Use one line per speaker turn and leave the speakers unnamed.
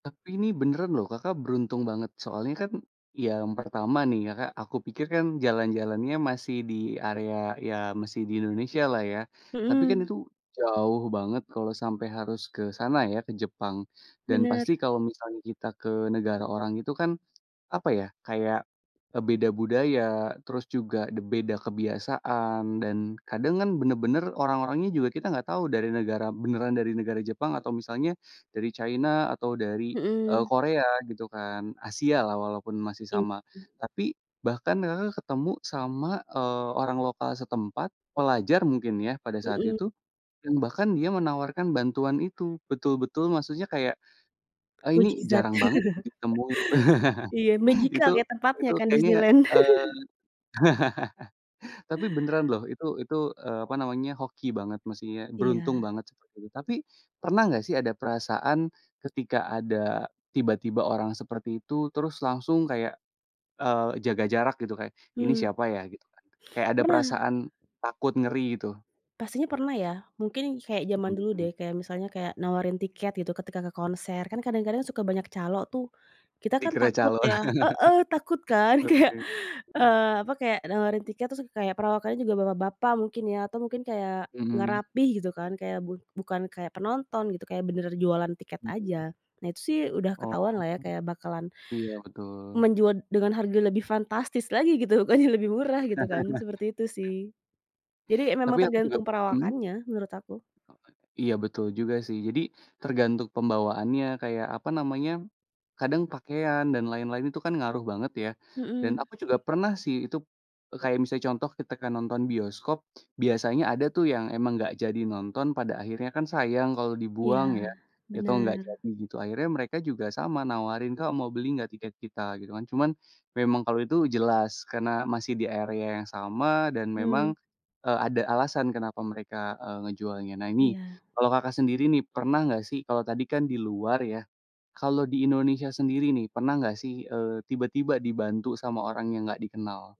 Tapi ini beneran loh, Kakak beruntung banget. Soalnya kan, yang pertama nih ya, Kak, aku pikir kan, jalan-jalannya masih di area, ya masih di Indonesia lah ya. Tapi kan
Mhm.
itu jauh banget kalau sampai harus ke sana ya, ke Jepang, dan
Benar.
pasti kalau misalnya kita ke negara orang itu kan, apa ya, kayak, e beda budaya, terus juga de beda kebiasaan, dan kadang kan benar-benar orang-orangnya juga kita nggak tahu dari negara beneran dari negara Jepang, atau misalnya dari China atau dari, e
Mhm.
Korea gitu kan, Asia lah walaupun masih
Iya.
sama. Tapi, bahkan Kakak ketemu sama, eee, orang lokal setempat, pelajar mungkin ya, pada saat
Mhm.
itu, dan bahkan dia menawarkan bantuan itu, betul-betul maksudnya kayak, e ini
Mukjizat.
jarang banget ditemui.
Iya, magical
Itu
kayak tempatnya
itu
kan,
kayaknya,
Disneyland.
eee, tapi beneran loh, itu itu, eee, apa namanya, hoki banget maksudnya, beruntung
Iya.
banget, seperti itu. Tapi, pernah nggak sih ada perasaan, ketika ada, tiba-tiba orang seperti itu, terus langsung kayak, eee, jaga jarak, gitu? Kayak, "Ini
Mmm.
siapa ya?" Gitu kan, kayak ada
Pernah.
perasaan takut ngeri, gitu?
Pastinya pernah ya, mungkin kayak jaman
Mhm
dulu
mhm.
deh, kayak misalnya kayak, nawarin tiket gitu, ketika ke konser, kan kadang-kadang suka banyak calo tuh. Kita kan,
Dikira
takut
calo.
ya heeh, takut kan kayak,
Oke, mhm.
eee, apa, kayak nawarin tiket terus kayak perawakannya juga bapak-bapak mungkin ya, atau mungkin kayak nggak
Mhm.
rapih gitu kan, kayak bu bukan kayak penonton gitu, kayak benaran jualan tiket
Mhm.
aja. Nah, itu sih udah
Oh.
ketahuanlah ya kayak bakalan,
Iya, betul.
menjual dengan harga lebih fantastis lagi gitu, bukannya lebih murah gitu kan, seperti itu sih. Jadi,
Tapi
memang
aku juga
tergantung
mhm?
perawakannya, menurut aku.
Iya, betul juga sih. Jadi, tergantung pembawaannya kayak, apa namanya, kadang pakaian dan lain-lain itu kan ngaruh banget ya, dan
Mhm.
aku juga pernah sih, itu, e kayak misalnya contoh ketika nonton bioskop, biasanya ada tuh yang emang nggak jadi nonton pada akhirnya kan sayang kalau
Iya,
dibuang ya, atau nggak
benar.
jadi gitu, akhirnya mereka juga sama nawarin, "Kak, mau beli nggak tiket kita?" Gitu kan. Cuman, memang kalau itu jelas, karena masih di area yang sama, dan
Mmm.
memang, e ada alasan kenapa mereka, e ngejualnya. Nah ini,
Iya.
kalau Kakak sendiri nih pernah nggak sih kalau tadi kan di luar ya, kalau di Indonesia sendiri nih, pernah nggak sih, eee, tiba-tiba dibantu sama orang yang nggak dikenal?